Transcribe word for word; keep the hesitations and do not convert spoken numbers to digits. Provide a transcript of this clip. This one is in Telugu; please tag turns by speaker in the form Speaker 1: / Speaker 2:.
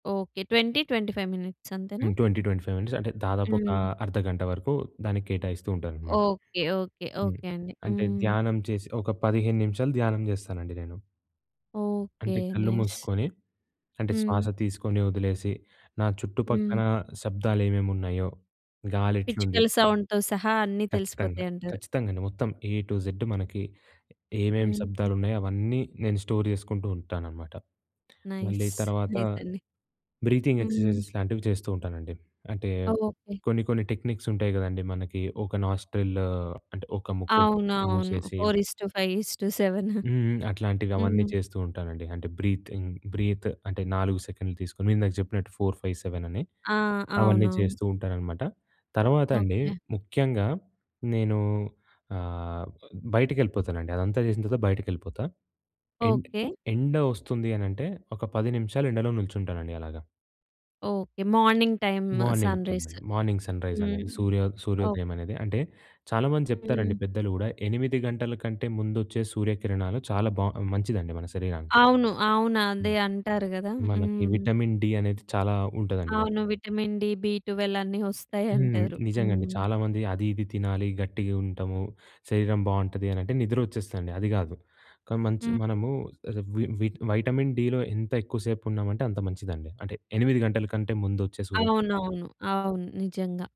Speaker 1: Okay. Twenty twenty five minutes అంతేనా?
Speaker 2: Twenty twenty five minutes. అంటే దాదాపు ఒక
Speaker 1: హ్మ్.
Speaker 2: అర్ధగంట వరకు దానికి కేటాయిస్తూ ఉంటాను అన్నమాట.
Speaker 1: ఓకే, ఓకే,
Speaker 2: హ్మ్.
Speaker 1: ఓకే అండి.
Speaker 2: అంటే
Speaker 1: హ్మ్.
Speaker 2: ధ్యానం చేసి ఒక పదిహేను నిమిషాలు ధ్యానం చేస్తానండి నేను.
Speaker 1: ఓకే.
Speaker 2: అంటే కళ్ళు
Speaker 1: నైస్.
Speaker 2: మూసుకొని. అంటే
Speaker 1: హ్మ్.
Speaker 2: శ్వాస తీసుకొని వదిలేసి నా
Speaker 1: హ్మ్.
Speaker 2: చుట్టుపక్కన శబ్దాలు ఏమేమి ఉన్నాయో, గాలి ఎట్లుంది?
Speaker 1: పిచ్చుకల సౌండ్‌తో సహా అన్నీ
Speaker 2: ఖచ్చితంగా.
Speaker 1: తెలిసిపోతాయి అంటారు.
Speaker 2: ఖచ్చితంగా అండి. మొత్తం ఏ టూ జెడ్ మనకి ఏమేం
Speaker 1: హ్మ్.
Speaker 2: శబ్దాలున్నాయో అవన్నీ నేను స్టోర్ చేసుకుంటూ ఉంటానన్నమాట. మళ్ళీ
Speaker 1: నైస్.
Speaker 2: తర్వాత
Speaker 1: నైస్ అండి.
Speaker 2: బ్రీతింగ్
Speaker 1: హ్మ్.
Speaker 2: ఎక్సర్సైజెస్ లాంటివి చేస్తూ ఉంటానండి. అంటే
Speaker 1: ఆ! ఓకే.
Speaker 2: కొన్ని కొన్ని టెక్నిక్స్ ఉంటాయి కదండీ మనకి ఒక నాస్ట్రిల్ అంటే ఒక ముక్కు
Speaker 1: అవునవును.
Speaker 2: మూసేసి
Speaker 1: four is to five is to seven.
Speaker 2: హ్మ్, అట్లాంటివి అవన్నీ
Speaker 1: హ్మ్.
Speaker 2: చేస్తూ ఉంటానండి. అంటే బ్రీతింగ్ బ్రీత్ అంటే నాలుగు సెకన్లు తీసుకొని ఇందాక చెప్పినట్టు ఫోర్ ఫైవ్ సెవెన్ అని,
Speaker 1: ఆ!
Speaker 2: అవన్నీ
Speaker 1: అవునవును.
Speaker 2: చేస్తూ ఉంటానన్నమాట. తర్వాత అండి
Speaker 1: ఓకే.
Speaker 2: ముఖ్యంగా నేను ఆహ్, బయటకెళ్ళిపోతానండి. అదంతా చేసిన తర్వాత బయటికెళ్ళిపోతా. End
Speaker 1: okay.
Speaker 2: ఎండ వస్తుంది అని అంటే ఒక పది నిమిషాలు ఎండలో నిల్చుంటానండి అలాగా.
Speaker 1: Okay. Morning time
Speaker 2: morning
Speaker 1: sunrise.
Speaker 2: టైమండి. మార్నింగ్ సన్‌రైజ్
Speaker 1: హ్మ్.
Speaker 2: అనేది సూర్యో
Speaker 1: ఓ
Speaker 2: సూర్యోదయం అనేది అంటే చాలామంది చెప్తారండి
Speaker 1: హ్మ్.
Speaker 2: పెద్దలు కూడా. ఎనిమిది గంటల కంటే ముందొచ్చే సూర్యకిరణాలు చాలా బా మంచిదండి మన శరీరానికి.
Speaker 1: అవును. అవును. అదే
Speaker 2: హ్మ్.
Speaker 1: అంటారు కదా!
Speaker 2: మనకి
Speaker 1: హ్మ్.
Speaker 2: విటమిన్ డి అనేది చాలా ఉంటదండి దాంట్లొ.
Speaker 1: అవును. విటమిన్ డి, బి ట్వెల్వ్ అన్నీ వస్తాయి
Speaker 2: హ్మ్.
Speaker 1: అంటారు.
Speaker 2: నిజంగా అండి.
Speaker 1: హ్మ్.
Speaker 2: చాలా మంది అది ఇది తినాలి గట్టిగా ఉంటాము. శరీరం బావుంటది అని అంటే నిద్ర వచ్చేస్తదండి. అది కాదు. కానీ మంచ్
Speaker 1: హ్మ్.
Speaker 2: మనము వి వి వైటమిన్ డి‌లో ఎంత ఎక్కువ సేపు ఉన్నామంటే అంత మంచిదండి. అంటే ఎనిమిది గంటల కంటే ముందొచ్చే సూర్యకిరణాలలో.
Speaker 1: అవునవును, అవును నిజంగా.